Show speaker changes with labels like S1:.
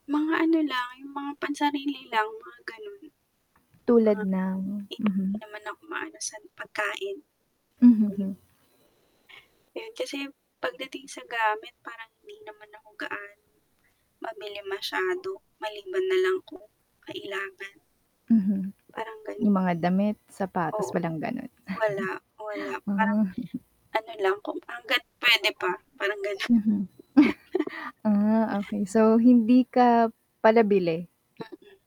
S1: Mga ano lang, yung mga pansarili lang, mga ganun.
S2: Tulad ng,
S1: Ah, 'di
S2: mhm.
S1: naman ako maano sa, pagkain.
S2: Mhm, hmm.
S1: Yun kasi, pagdating sa gamit parang hindi naman ako gaano, mabili masyado maliban nalang kung kailangan.
S2: Mm,
S1: Parang ganun.
S2: yung mga damit,
S1: Oo,
S2: sapatos walang ganun. Ah.
S1: wala, wala, parang ano lang kung hangga't pwede pa parang ganon.
S2: Mhm. Ah, okey, so, hindi ka pala bili.
S1: Mm.